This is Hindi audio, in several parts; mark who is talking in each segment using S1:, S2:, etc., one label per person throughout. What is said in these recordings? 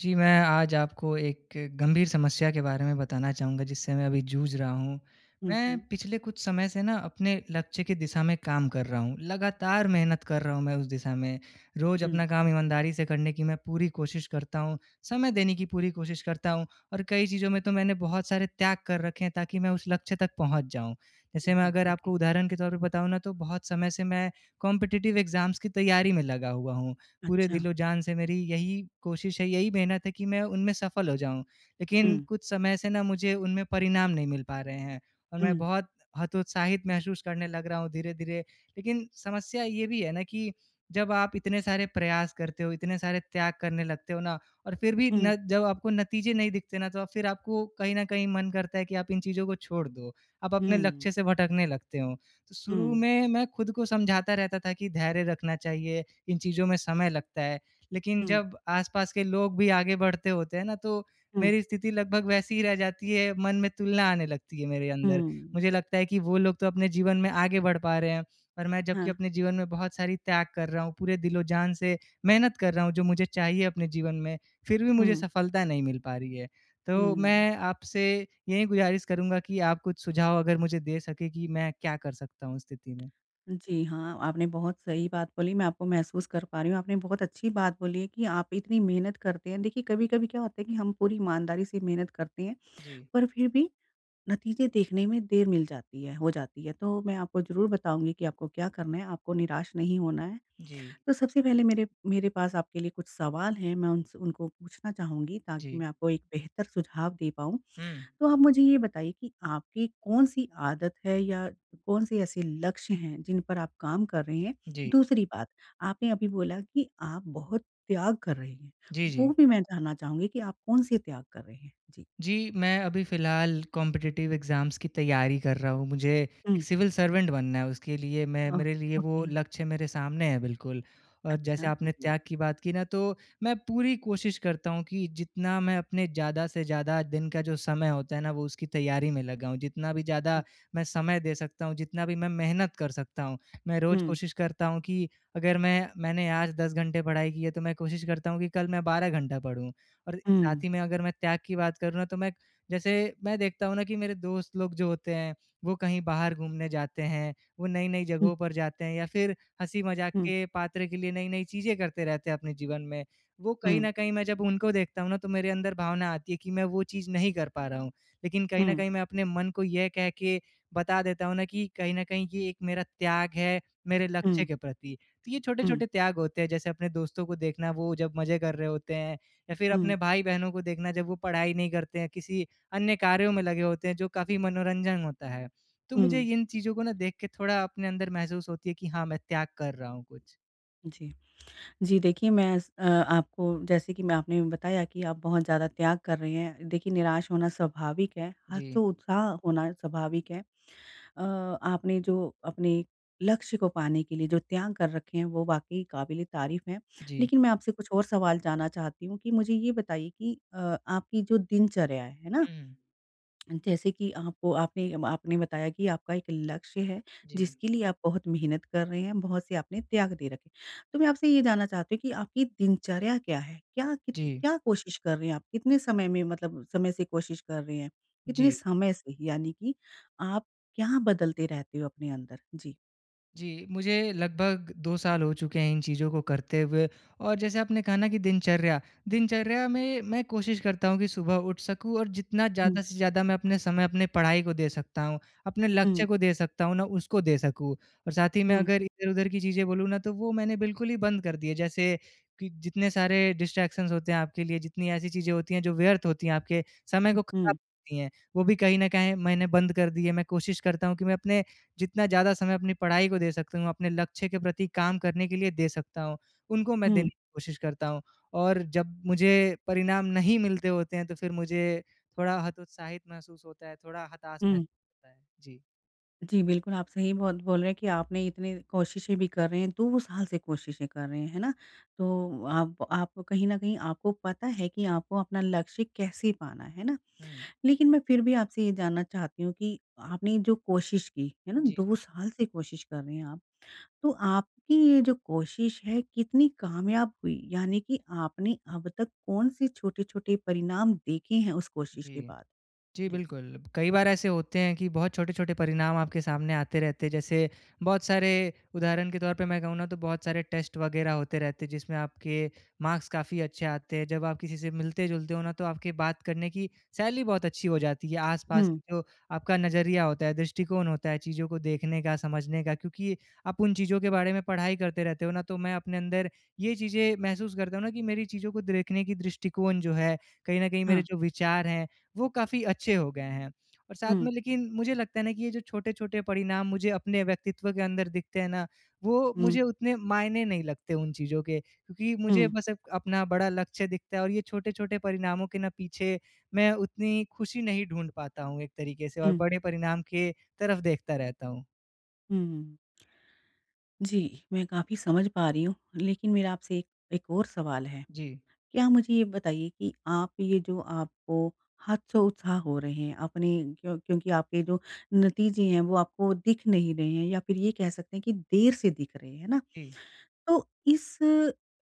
S1: जी, मैं आज आपको एक गंभीर समस्या के बारे में बताना चाहूँगा जिससे मैं अभी जूझ रहा हूँ।
S2: हुँ,
S1: मैं
S2: हुँ।
S1: पिछले कुछ समय से न अपने लक्ष्य के दिशा में काम कर रहा हूँ, लगातार मेहनत कर रहा हूँ मैं उस दिशा में। रोज़
S2: हुँ।
S1: अपना काम ईमानदारी से करने की मैं पूरी कोशिश करता हूँ, समय देने की पूरी कोशिश करता हूँ। और कई चीज़ों में तो मैंने बहुत सारे त्याग कर रखे हैं ताकि मैं उस लक्ष्य तक पहुँच जाऊँ।
S2: हुँ,
S1: जैसे मैं
S2: हुँ।
S1: अगर
S2: ओके।
S1: आपको उदाहरण के तौर पे बताऊँ न तो बहुत समय से मैं कॉम्पिटिटिव एग्जाम्स की तैयारी में लगा हुआ हूँ। पूरे
S2: अच्छा।
S1: दिल-ओ-जान से मेरी यही कोशिश है यही मेहनत है कि मैं उनमें सफल हो जाऊँ। लेकिन
S2: हुँ।
S1: कुछ समय से न मुझे उनमें परिणाम नहीं मिल पा रहे हैं और मैं
S2: हुँ।
S1: बहुत हतोत्साहित महसूस करने लग रहा हूँ धीरे-धीरे। लेकिन समस्या ये भी है न कि जब आप इतने सारे प्रयास करते हो इतने सारे त्याग करने लगते हो न और फ़िर भी
S2: हुँ।
S1: न जब आपको नतीजे नहीं दिखते न तो अ, फ़िर आपको कहीं न कहीं मन करता है कि आप इन चीज़ों को छोड़ दो। आप अपने
S2: हुँ।
S1: लक्ष्य से भटकने लगते हो। तो शुरू
S2: हुँ।
S1: में मैं खुद को समझाता रहता था कि धैर्य रखना चाहिए इन चीज़ों में समय लगता है। लेकिन
S2: हुँ।
S1: जब आस-पास के लोग भी आगे बढ़ते होते हैं न तो
S2: हुँ।
S1: मेरी स्थिति लगभग वैसी ही रह जाती है मन में तुलना आने लगती है मेरे अंदर।
S2: हुँ।
S1: मुझे लगता है कि वो लोग तो अपने जीवन में आगे बढ़ पा रहे हैं और मैं जब कि
S2: हाँ।
S1: अपने जीवन में बहुत सारी त्याग कर रहा हूँ, पूरे दिल-ओ-जान से मेहनत कर रहा हूँ, जो मुझे चाहिए अपने जीवन में फ़िर भी मुझे
S2: हुँ।
S1: सफलता नहीं मिल पा रही है। तो
S2: हुँ।
S1: मैं आपसे यही गुज़ारिश करूँगा कि आप कुछ सुझाव अगर मुझे दे सकें कि मैं क्या कर सकता हूँ स्थिति में?
S2: जी हाँ आपने बहुत सही बात बोली मैं आपको महसूस कर पा रही हूँ। आपने बहुत अच्छी बात बोली है कि आप इतनी मेहनत करते हैं। देखिए कभी-कभी क्या होता है कि हम पूरी ईमानदारी से मेहनत करते हैं
S1: जी।
S2: पर फिर भी नतीज़े देखने में देर मिल जाती है हो जाती है। तो मैं आपको ज़रूर बताऊँगी कि आपको क्या करना है आपको निराश नहीं होना है।
S1: जी।
S2: तो सबसे पहले मेरे मेरे पास आपके लिए कुछ सवाल हैं, मैं उनसे उनको पूछना चाहूँगी ताकि
S1: जी।
S2: मैं आपको एक बेहतर सुझाव दे पाऊँ।
S1: हुँ।
S2: तो आप मुझे ये बताइए कि आपकी कौन-सी आदत है या कौन-से ऐसे लक्ष्य हैं जिन पर आप काम कर रहे हैं?
S1: जी।
S2: दूसरी बात, आपने अभी बोला कि आप बहुत त्याग कर रहे हैं,
S1: जी, जी।
S2: वो भी मैं जानना चाहूँगी कि आप कौन से त्याग कर रहे हैं? जी।
S1: जी। मैं अभी फ़िलहाल कॉम्पिटिटिव एग्जाम्स की तैयारी कर रहा हूँ। मुझे एक
S2: हुँ।
S1: सिविल सर्वेंट बनना है उसके लिए मैं
S2: अ,
S1: मेरे लिए वो
S2: ओके।
S1: लक्ष्य मेरे सामने है बिल्कुल। और
S2: अच्छा।
S1: जैसे
S2: अरे
S1: आपने
S2: वाह!
S1: त्याग की बात की न तो मैं पूरी कोशिश करता हूँ कि जितना मैं अपने ज़्यादा से ज़्यादा दिन का जो समय होता है न वो उसकी तैयारी में लगाऊँ, जितना भी ज़्यादा
S2: हुँ।
S1: मैं समय दे सकता हूँ, जितना भी मैं मेहनत कर सकता हूँ। मैं रोज
S2: हुँ।
S1: कोशिश करता हूँ कि अगर मैं मैंने आज 10 घंटे पढ़ाई की है तो मैं कोशिश करता हूँ कि कल मैं 12 घंटा पढ़ूँ। और साथ
S2: हुँ।
S1: ही में अगर मैं त्याग की बात करूँ न तो मैं जैसे मैं देखता हूँ न कि मेरे दोस्त लोग जो होते हैं वो कहीं बाहर घूमने जाते हैं। वो नई-नई
S2: हुँ।
S1: जगहों पर जाते हैं या फ़िर हँसी-मजाक
S2: हुँ।
S1: के पात्र के लिए नई-नई चीज़ें करते रहते हैं अपने जीवन में। वो कहीं
S2: हुँ।
S1: न कहीं मैं जब उनको देखता हूँ न तो मेरे अंदर भावना आती है कि मैं वो चीज़ नहीं कर पा रहा हूँ। लेकिन कहीं न
S2: हुँ।
S1: कहीं मैं अपने मन को ये कह के बता देता हूँ न कि कहीं न कहीं ये एक मेरा त्याग है मेरे लक्ष्य
S2: हुँ।
S1: के प्रति। तो ये
S2: हुँ।
S1: छोटे-छोटे त्याग होते हैं जैसे अपने दोस्तों को देखना वो जब मज़े कर रहे होते हैं या फ़िर अपने
S2: हुँ।
S1: भाई-बहनों को देखना जब वो पढ़ाई नहीं करते हैं किसी अन्य कार्यों में लगे होते हैं जो काफ़ी मनोरंजन होता है। तो मुझे
S2: हुँ।
S1: इन चीज़ों को न देख के थोड़ा अपने अंदर महसूस होती है कि, हाँ मैं त्याग कर रहा हूँ कुछ।
S2: जी। जी, देखिए मैं स अ, आपको जैसे कि मैं आपने बताया कि आप बहुत ज़्यादा त्याग कर रहे हैं। देखिए निराश होना स्वाभाविक है
S1: जी।
S2: हतोत्साह होना स्वाभाविक है। अ, आपने जो अपने लक्ष्य को पाने के लिए जो त्याग कर रखे हैं वो वाक़ई क़ाबिल-ए-तारीफ़ हैं।
S1: जी।
S2: लेकिन मैं आपसे कुछ और सवाल जानना चाहती हूँ कि मुझे ये बताइए कि अ, आपकी जो दिनचर्या है। है ना?
S1: हुँ, हुँ।
S2: जैसे कि आपको आपने आपने बताया कि आपका एक लक्ष्य है
S1: जी।
S2: जिसके लिए आप बहुत मेहनत कर रहे हैं, बहुत से आपने त्याग दे रखे हैं। तो मैं आपसे ये जानना चाहती हूँ कि आपकी दिनचर्या क्या है? क्या कित
S1: जी।
S2: क्या कोशिश कर रहे हैं आप कितने समय में मतलब समय से कोशिश कर रहे हैं? कितने
S1: जी।
S2: समय से यानी कि आप क्या बदलते रहते हो अपने अंदर? जी।
S1: जी, मुझे लगभग 2 साल हो चुके हैं इन चीज़ों को करते हुए। और जैसे आपने कहा ना कि दिनचर्या, दिनचर्या में मैं कोशिश करता हूँ कि सुबह उठ सकूँ और जितना
S2: हुँ।
S1: ज़्यादा से ज़्यादा मैं अपने समय अपने पढ़ाई को दे सकता हूँ, अपने लक्ष्य
S2: हुँ।
S1: को दे सकता हूँ ना, उसको दे सकूँ। और साथ ही मैं
S2: हुँ।
S1: अगर इधर-उधर की चीज़ें बोलूँ ना, तो वो मैंने बिल्कुल ही बंद कर दिए जैसे कि जितने सारे डिस्ट्रैक्शंस होते हैं। आपके लिए, जितनी ऐसी चीज़ें होती हैं जो व्यर्थ होती हैं, आपके समय को ख़राब
S2: उहुँ।
S1: करती हैं। वो भी कहीं न कहीं मैंने बंद कर दिए मैं कोशिश करता हूँ कि मैं अपने जितना ज़्यादा समय अपनी पढ़ाई को दे सकता हूँ, अपने लक्ष्य के प्रति काम करने के लिए दे सकता हूँ। उनको मैं
S2: हुँ।
S1: देने की कोशिश करता हूँ और जब मुझे परिणाम नहीं मिलते होते हैं। तो फिर मुझे थोड़ा हतोत्साहित महसूस होता है, थोड़ा हताश महसूस
S2: हुँ।
S1: होता है। जी।
S2: जी, बिल्कुल। आप सही बहुत बोल रहे हैं, कि आपने इतनी कोशिशें भी कर रहे हैं 2 साल से कोशिशें कर रहे हैं। है ना? तो आप, आप कहीं न कहीं आपको पता है कि आपको अपना लक्ष्य कैसे पाना है। है ना?
S1: हुँ।
S2: लेकिन मैं फिर भी आपसे ये जानना चाहती हूँ कि आपने जो कोशिश की, है ना?
S1: जी,
S2: 2
S1: जी।
S2: साल से कोशिश कर रहे हैं आप। तो आपकी ये जो कोशिश है कितनी कामयाब हुई यानी कि आपने अब तक कौन-से छोटे-छोटे परिणाम देखे हैं उस कोशिश के
S1: जी।
S2: बाद?
S1: जी,
S2: जी।
S1: बिल्कुल। कई बार ऐसे होते हैं कि बहुत छोटे-छोटे परिणाम आपके सामने आते रहते हैं। जैसे बहुत सारे उदाहरण के तौर पे मैं कहूँ ना, तो बहुत सारे टेस्ट वग़ैरह होते रहते हैं। जिसमें आपके मार्क्स काफ़ी अच्छे आते हैं। जब आप किसी से मिलते-जुलते हो ना तो आपके बात करने की शैली बहुत अच्छी हो जाती है। आस-पास
S2: हुँ।
S1: की जो आपका नज़रिया होता है, दृष्टिकोण होता है। चीज़ों को देखने का, समझने का क्योंकि आप उन चीज़ों के बारे में पढ़ाई करते रहते हो ना? तो मैं अपने अंदर ये चीज़ें महसूस करता हूँ ना कि मेरी चीज़ों को देखने की दृष्टिकोण जो है, कहीं न कहीं मेरे
S2: हाँ।
S1: जो विचार हैं, वो काफ़ी अच्छे हो गए हैं। और साथ
S2: हुँ।
S1: में लेकिन मुझे लगता है ना कि ये जो छोटे-छोटे परिणाम मुझे अपने व्यक्तित्व के अंदर दिखते हैं ना? वो
S2: हुँ।
S1: मुझे उतने मायने नहीं लगते उन चीज़ों के क्योंकि मुझे
S2: हुँ।
S1: बस अप अपना बड़ा लक्ष्य दिखता है। और ये छोटे-छोटे परिणामों के ना पीछे मैं उतनी ख़ुशी नहीं ढूँढ पाता हूँ, एक तरीक़े से और
S2: हुँ।
S1: बड़े परिणाम के तरफ़ देखता रहता हूँ।
S2: हुँ, हुँ। जी, मैं काफ़ी समझ पा रही हूँ, लेकिन मेरा आपसे एक एक और सवाल है।
S1: जी।
S2: क्या मुझे ये बताइए कि आप ये जो आपको हतोत्साहित हो रहे हैं, अपने क्यों क्योंकि आपके जो नतीजे हैं, वो आपको दिख नहीं रहे हैं। या फिर ये कह सकते हैं, कि देर से दिख रहे हैं। है ना?
S1: जी।
S2: तो इस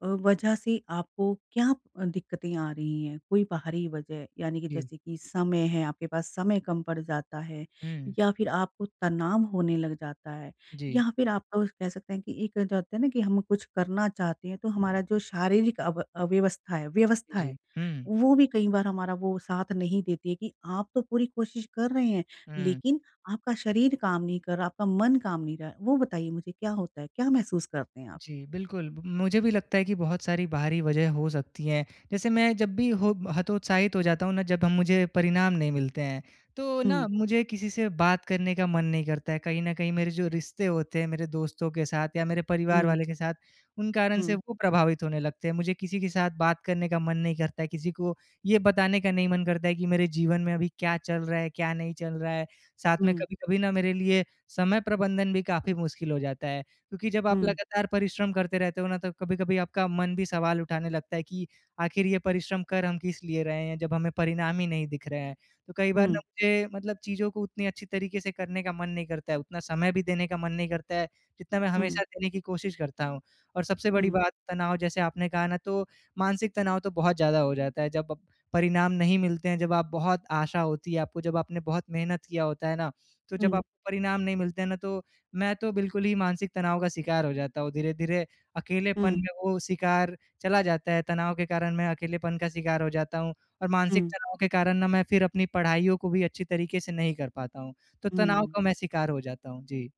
S2: अ, वज़ह से आपको क्या दिक्कतें आ रही हैं? कोई बाहरी वज़ह, यानी कि
S1: जी।
S2: जैसे कि समय है, आपके पास समय कम पड़ जाता है?
S1: हुँ।
S2: या फिर आपको तनाव होने लग जाता है?
S1: जी।
S2: या फिर आप अ, कह सकते हैं, कि एक जो होता है ना कि हम कुछ करना चाहते हैं। तो हमारा जो शारीरिक अब अव्यवस्था है व्यवस्था
S1: जी,
S2: है,
S1: हुँ।
S2: वो भी कई बार हमारा वो साथ नहीं देती है। कि आप तो पूरी कोशिश कर रहे हैं।
S1: हुँ।
S2: लेकिन आपका शरीर काम नहीं कर रहा, आपका मन काम नहीं क वो बताइए मुझे क्या होता है। क्या महसूस करते हैं आप?
S1: जी, बिल्कुल। म मुझे भी लगता है, कि बहुत सारी बाहरी वजह हो सकती हैं। जैसे मैं जब भी हो हतोत्साहित हो जाता हूँ ना, जब हम मुझे परिणाम नहीं मिलते हैं। तो ना
S2: हुँ।
S1: मुझे किसी से बात करने का मन नहीं करता है, कहीं न कहीं मेरे जो रिश्ते होते हैं, मेरे दोस्तों के साथ या मेरे परिवार
S2: हुँ।
S1: वाले के साथ उन कारण से
S2: हुँ।
S1: वो प्रभावित होने लगते हैं। मुझे किसी के साथ बात करने का मन नहीं करता है, किसी को ये बताने का नहीं मन करता है कि, मेरे जीवन में अभी क्या चल रहा है, क्या नहीं चल रहा है। साथ में
S2: हुँ।
S1: कभी-कभी ना मेरे लिए समय प्रबंधन भी काफ़ी मुश्किल हो जाता है। क्योंकि जब आप
S2: हुँ।
S1: लगातार परिश्रम करते रहते हो ना तो कभी-कभी आपका मन भी सवाल उठाने लगता है कि, आख़िर ये परिश्रम कर हम किस लिए रहे हैं, जब हमें परिणाम ही नहीं दिख रहा हैं। तो कई बार
S2: हुँ।
S1: ना मुझे मतलब चीज़ों को उतनी अच्छी तरीके से करने का मन नहीं करता है, उतना समय भी देने का मन नहीं करता है, जितना मैं
S2: हुँ।
S1: हमेशा देने की कोशिश करता हूँ। और सबसे बड़ी
S2: हुँ।
S1: बात तनाव जैसे आपने कहा ना, तो मानसिक तनाव तो बहुत ज़्यादा हो जाता है, जब प परिणाम नहीं मिलते हैं जब आप बहुत आशा होती है, आपको जब आपने बहुत मेहनत किया होता है ना, तो जब
S2: हुँ।
S1: आपको परिणाम नहीं मिलते हैं ना, तो मैं तो बिल्कुल ही मानसिक तनाव का शिकार हो जाता हूँ, धीरे-धीरे अकेलेपन
S2: हुँ।
S1: में वो शिकार चला जाता है, तनाव के कारण मैं अकेलेपन का शिकार हो जाता हूँ। और मानसिक
S2: हुँ।
S1: तनाव के कारण ना मैं फिर अपनी पढ़ाइयों को भी अच्छी तरीके से नहीं कर पाता हूँ। तो तनाव
S2: हुँ।
S1: का मैं शिकार हो जाता हूँ। जी।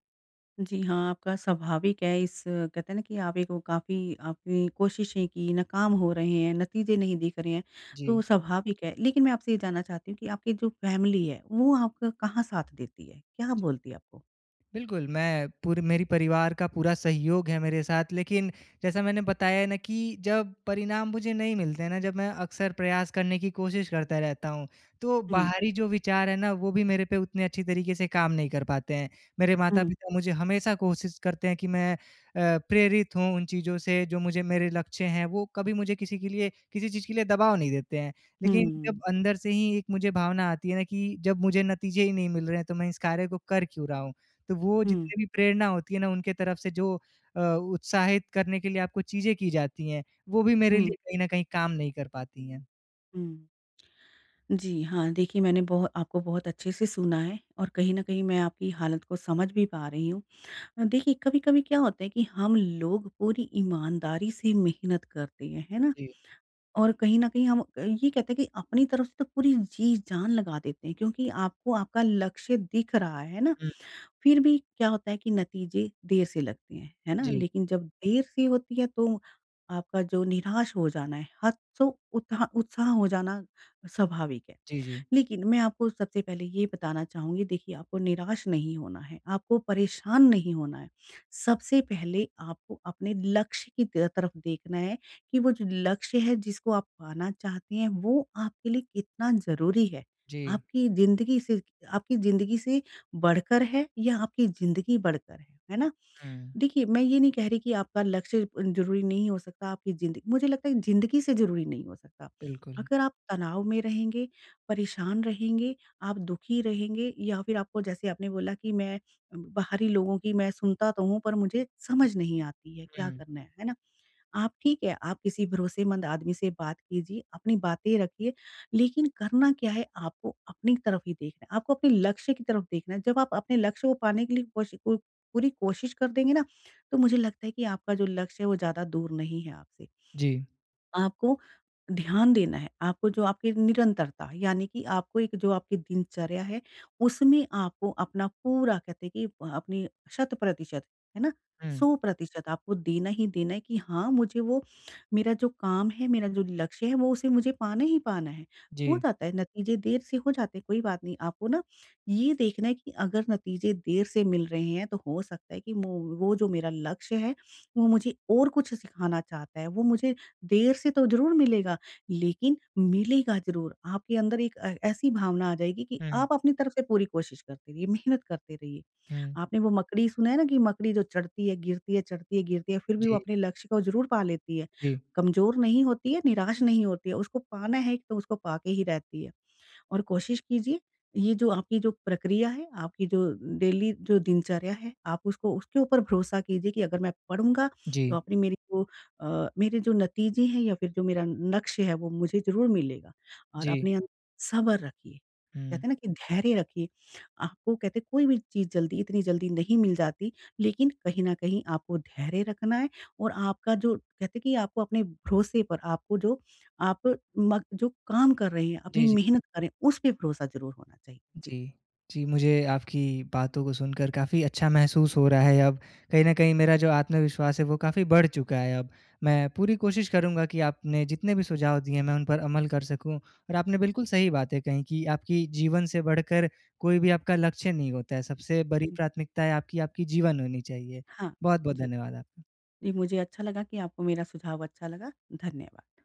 S2: जी, हाँ। आपका स्वाभाविक है इस कहते हैं ना कि आप ही को काफ़ी आपने कोशिशें कीं, नाकाम हो रहे हैं, नतीजे नहीं दिख रहे हैं, तो
S1: जी।
S2: स्वाभाविक है। लेकिन मैं आपसे ये जानना चाहती हूँ कि आपकी जो फैमिली है, वो आपका कहाँ साथ देती है? क्या
S1: जी।
S2: बोलती है आपको?
S1: बिल्कुल मैं पूरे मेरे परिवार का पूरा सहयोग है मेरे साथ। लेकिन जैसा मैंने बताया है ना कि जब परिणाम मुझे नहीं मिलते हैं ना जब मैं अक्सर प्रयास करने की कोशिश करता रहता हूँ तो
S2: हुँ।
S1: बाहरी जो विचार है ना वो भी मेरे पे उतनी अच्छी तरीके से काम नहीं कर पाते हैं। मेरे
S2: हुँ।
S1: माता-पिता मुझे हमेशा कोशिश करते हैं कि मैं अ, प्रेरित हूँ उन चीज़ों से जो मुझे मेरे लक्ष्य हैं वो कभी मुझे किसी के लिए किसी चीज़ के लिए दबाव नहीं देते हैं। लेकिन जब
S2: हुँ।
S1: अंदर से ही एक मुझे भावना आती है ना कि जब मुझे नतीजे ही नहीं मिल रहे हैं तो मैं इस कार्य को कर क्यों रहा हूँ। तो वो
S2: हुँ।
S1: जितनी भी प्रेरणा होती है ना उनके तरफ से जो अ, उत्साहित करने के लिए आपको चीज़ें की जाती हैं, वो भी मेरे
S2: हुँ।
S1: लिए कहीं न कहीं काम नहीं कर पाती हैं।
S2: हूँ। जी हाँ। देखिए मैंने बोह आपको बहुत अच्छे से सुना है और कहीं न कहीं मैं आपकी हालत को समझ भी पा रही हूँ। अ, देखिए कभी-कभी क्या होता है कि हम लोग पूरी ईमानदारी से मेहनत करते हैं, है ना?
S1: जी।
S2: और कहीं न कहीं हम अ, ये कहते हैं कि अपनी तरफ से तो पूरी जी-जान लगा देते हैं क्योंकि आपको आपका लक्ष्य दिख रहा है ना।
S1: हुँ।
S2: फिर भी क्या होता है कि नतीजे देर से लगते हैं। है ना?
S1: जी।
S2: लेकिन जब देर सी होती है तो आपका जो निराश हो जाना है, हतसो उत्हा उत्साह हो जाना स्वाभाविक है।
S1: जी, जी।
S2: लेकिन मैं आपको सबसे पहले ये बताना चाहूँगी देखिए आपको निराश नहीं होना है, आपको परेशान नहीं होना है। सबसे पहले आपको अपने लक्ष्य की तेय तरफ देखना है कि वो जो लक्ष्य है जिसको आप पाना चाहते हैं, वो आपके लिए कितना ज़रूरी है।
S1: जी।
S2: आपकी ज़िन्दगी से आपकी ज़िन्दगी से बढ़कर है या आपकी ज़िन्दगी बढ़कर है, है ना?
S1: हुँ।
S2: देखिए मैं ये नहीं कह रही कि आपका लक्ष्य ज़रूरी नहीं हो सकता, आपकी ज़िन्दगी मुझे लगता है कि ज़िन्दगी से ज़रूरी नहीं हो सकता।
S1: बिल्कुल।
S2: अगर आप तनाव में रहेंगे, परेशान रहेंगे, आप दुःखी रहेंगे या फिर आपको जैसे आपने बोला कि मैं बाहरी लोगों की मैं सुनता तो हूँ पर मुझे समझ नहीं आती है क्या
S1: हुँ।
S2: करना है। है ना? आप ठीक है, आप किसी भरोसेमंद आदमी से बात कीजिए, अपनी बातें रखिए। लेकिन करना क्या है आपको अपनी तरफ ही देखना है, आपको अपने लक्ष्य की तरफ देखना है। जब आप अपने लक्ष्य को पाने के लिए कोशिकु पूरी कोशिश कर देंगे ना, तो मुझे लगता है कि आपका जो लक्ष्य है वो ज़्यादा दूर नहीं है आपसे।
S1: जी।
S2: आपको ध्यान देना है। आपको जो आपके निरंतरता यानी कि आपको एक जो आपकी दिनचर्या है उसमें आपको अपना पूरा कहते हैं कि अ, अपनी शत-प्रतिशत है ना,
S1: हुँ।
S2: 100% आपको देना ही देना है कि हाँ, मुझे वो मेरा जो काम है, मेरा जो लक्ष्य है, वो उसे मुझे पाना ही पाना है। हो
S1: जी।
S2: जाता है नतीजे देर से हो जाते हैं कोई बात नहीं, आपको ना ये देखना है कि अगर नतीजे देर से मिल रहे हैं तो हो सकता है कि मो वो जो मेरा लक्ष्य है वो मुझे और कुछ सिखाना चाहता है। वो मुझे, देर से तो ज़रूर मिलेगा लेकिन मिलेगा ज़रूर। आपके अंदर एक ए ऐसी भावना आ जाएगी कि
S1: हुँ।
S2: आप अपनी तरफ से पूरी कोशिश करते रहिए, मेहनत करते रहिए।
S1: हुँ।
S2: आपने वो मकड़ी सुना है ना कि मकड़ी जो चढ़ती है, गिरती है, चढ़ती है, गिरती है, फिर भी वो
S1: जी।
S2: अपने लक्ष्य को ज़रूर पा लेती है।
S1: जी।
S2: कमज़ोर नहीं होती है, निराश नहीं होती है, उसको पाना है तो उसको पा के ही रहती है। और कोशिश कीजिए, ये जो आपकी जो प्रक्रिया है, आपकी जो डेली जो दिनचर्या है आप उसको उसके ऊपर भरोसा कीजिए कि अगर मैं पढ़ूँगा तो
S1: जी।
S2: अपनी मेरे को अ, मेरे जो नतीजे हैं या फिर जो मेरा लक्ष्य हैं वो मुझे ज़रूर मिलेगा। और
S1: जी।
S2: अपने अंदर सब्र रखिए,
S1: हुँ।
S2: कहते हैं ना कि धैर्य रखिए। आपको कहते हैं कोई भी चीज़ जल्दी, इतनी जल्दी नहीं मिल जाती लेकिन कहीं न कहीं आपको धैर्य रखना है। और आपका जो कहते हैं कि आपको अपने भरोसे पर आपको जो आप म जो काम कर रहे हैं, अपनी
S1: जी, जी।
S2: मेहनत कर रहे हैं, उसपे भरोसा ज़रूर होना चाहिए। जी।
S1: जी। जी, मुझे आपकी बातों को सुनकर काफ़ी अच्छा महसूस हो रहा है अब। कहीं न कहीं मेरा जो आत्मविश्वास है वो काफ़ी बढ़ चुका है अब। मैं पूरी कोशिश करूँगा कि आपने जितने भी सुझाव दिए हैं मैं उन पर अमल कर सकूँ। और आपने बिल्कुल सही बातें कही कि आपकी जीवन से बढ़कर कोई भी आपका लक्ष्य नहीं होता है। सबसे बड़ी
S2: हुँ।
S1: प्राथमिकताएँ आपकी, आपकी जीवन होनी चाहिए।
S2: हाँ।
S1: बहुत-बहुत
S2: जी।
S1: धन्यवाद आपका।
S2: जी, मुझे अच्छा लगा कि आपको मेरा सुझाव अच्छा लगा। धन्यवाद।